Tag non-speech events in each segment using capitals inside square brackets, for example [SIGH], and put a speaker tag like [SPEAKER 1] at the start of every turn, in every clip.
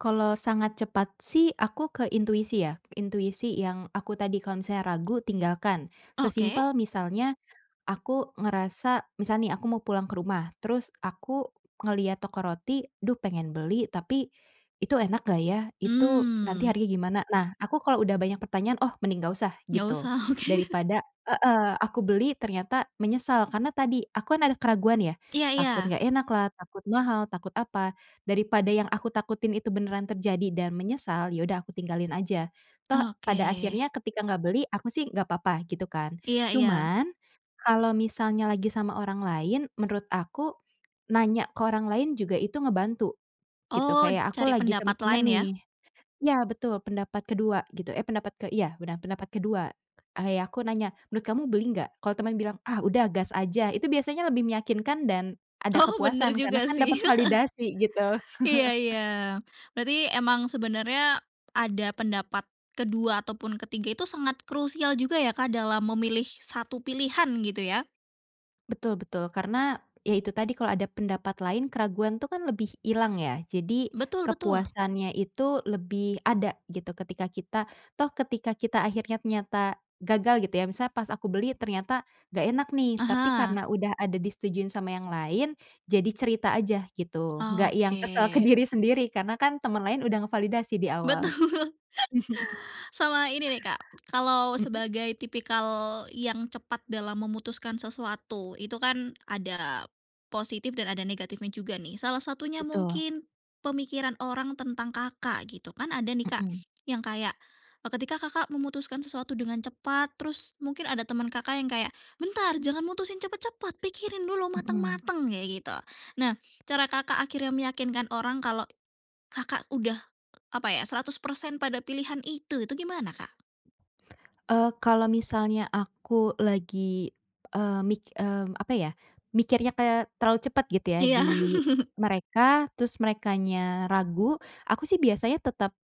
[SPEAKER 1] Kalau sangat cepat sih aku ke intuisi ya. Intuisi yang aku tadi kalau misalnya ragu, tinggalkan.
[SPEAKER 2] Oke.
[SPEAKER 1] Sesimpel misalnya aku ngerasa misal nih aku mau pulang ke rumah, terus aku ngelihat toko roti, [SMACKS LIPS] "Duh pengen beli tapi itu enak gak ya? Itu nanti
[SPEAKER 2] Mmm.
[SPEAKER 1] harganya gimana?" Nah, aku kalo udah banyak pertanyaan, "Oh, mending nggak usah,"
[SPEAKER 2] Enggak
[SPEAKER 1] gitu.
[SPEAKER 2] usah. Oke.
[SPEAKER 1] Daripada heeh, aku beli ternyata menyesal karena tadi aku kan ada keraguan ya,
[SPEAKER 2] Iya iya.
[SPEAKER 1] takut nggak enak lah, takut mahal, takut apa, daripada yang aku takutin itu beneran terjadi dan menyesal, ya udah aku tinggalin aja, toh pada
[SPEAKER 2] Oke.
[SPEAKER 1] akhirnya ketika nggak beli, aku sih nggak apa-apa gitu kan.
[SPEAKER 2] Iya iya.
[SPEAKER 1] Cuman kalau misalnya lagi sama orang lain menurut aku, nanya ke orang lain juga itu ngebantu, gitu.
[SPEAKER 2] Oh,
[SPEAKER 1] Kayak aku
[SPEAKER 2] cari
[SPEAKER 1] lagi sama
[SPEAKER 2] pendapat
[SPEAKER 1] teman
[SPEAKER 2] lain ya?
[SPEAKER 1] nih iya, betul, pendapat ke-2 gitu eh pendapat ke iya benar, pendapat ke-2. Ah ya aku nanya, "Menurut kamu beli nggak?" Kalo temen bilang, "Ah udah gas aja," itu biasanya lebih meyakinkan dan ada
[SPEAKER 2] Oh, bener
[SPEAKER 1] kepuasan karena
[SPEAKER 2] juga
[SPEAKER 1] kan dapet
[SPEAKER 2] sih. [LAUGHS]
[SPEAKER 1] validasi, gitu.
[SPEAKER 2] Iya
[SPEAKER 1] [CHUCKLES]
[SPEAKER 2] iya. Berarti emang sebenarnya ada pendapat ke-2 ataupun ke-3 itu sangat krusial juga ya Kak dalam memilih 1 pilihan, gitu ya?
[SPEAKER 1] Betul betul. Karena, ya itu tadi kalau ada pendapat lain keraguan tuh kan lebih hilang ya, jadi
[SPEAKER 2] Betul betul.
[SPEAKER 1] kepuasannya itu lebih ada gitu ketika kita, toh ketika kita akhirnya ternyata gagal gitu ya, misalnya pas aku beli ternyata nggak enak nih, tapi karena
[SPEAKER 2] Aha.
[SPEAKER 1] udah ada disetujui sama yang lain, jadi cerita aja gitu, nggak yang
[SPEAKER 2] Oke.
[SPEAKER 1] kesel ke diri sendiri karena kan temen lain udah ngevalidasi di awal.
[SPEAKER 2] Betul.
[SPEAKER 1] [CHUCKLES]
[SPEAKER 2] Sama ini nih Kak, kalau
[SPEAKER 1] Mhm?
[SPEAKER 2] sebagai tipikal yang cepat dalam memutuskan sesuatu, itu kan ada positif dan ada negatifnya juga nih. Salah satunya
[SPEAKER 1] Betul.
[SPEAKER 2] mungkin pemikiran orang tentang Kakak gitu kan, ada nih Kak
[SPEAKER 1] Mhm.
[SPEAKER 2] yang kayak, e ketika Kakak memutuskan sesuatu dengan cepat, terus mungkin ada teman Kakak yang kayak, "Bentar, jangan mutusin cepat-cepat, pikirin dulu
[SPEAKER 1] Mhm.
[SPEAKER 2] mateng-mateng," kayak gitu. Nah, cara Kakak akhirnya meyakinkan orang kalau Kakak udah, e apa ya, 100% pada pilihan itu itu gimana, Kak?
[SPEAKER 1] Eee, kalau misalnya aku lagi, eee, mik mmm, apa ya, mikirnya kayak terlalu cepet gitu ya
[SPEAKER 2] Iya.
[SPEAKER 1] di
[SPEAKER 2] [CHUCKLES]
[SPEAKER 1] mereka, terus merekanya ragu, aku sih biasanya tetep,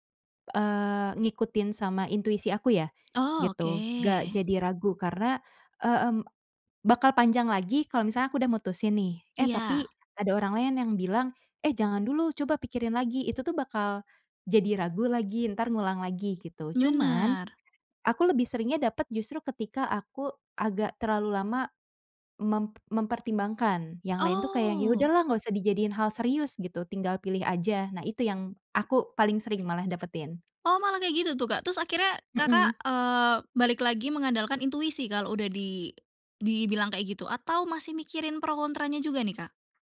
[SPEAKER 1] eee, ngikutin sama intuisi aku ya,
[SPEAKER 2] Oh, oke.
[SPEAKER 1] gitu. Gak jadi ragu karena, e mmm, bakal panjang lagi kalau misalnya aku udah mutusin nih, eh tapi
[SPEAKER 2] Iya.
[SPEAKER 1] ada orang lain yang bilang, "Eh jangan dulu coba pikirin lagi." Itu tuh bakal jadi ragu lagi, entar ngulang lagi gitu. Cuman,
[SPEAKER 2] Benar.
[SPEAKER 1] aku lebih seringnya dapat justru ketika aku agak terlalu lama mem mempertimbangkan, yang lain tuh kayak yang, "Ya
[SPEAKER 2] Oh.
[SPEAKER 1] udahlah nggak usah dijadiin hal serius gitu, tinggal pilih aja." Nah itu yang aku paling sering malah dapetin.
[SPEAKER 2] Oh malah kayak gitu tuh, Kak? Terus akhirnya
[SPEAKER 1] Mhm.
[SPEAKER 2] Kakak, eee, balik lagi mengandalkan intuisi kalau udah di dibilang kayak gitu? Atau masih mikirin pro kontranya juga nih, Kak?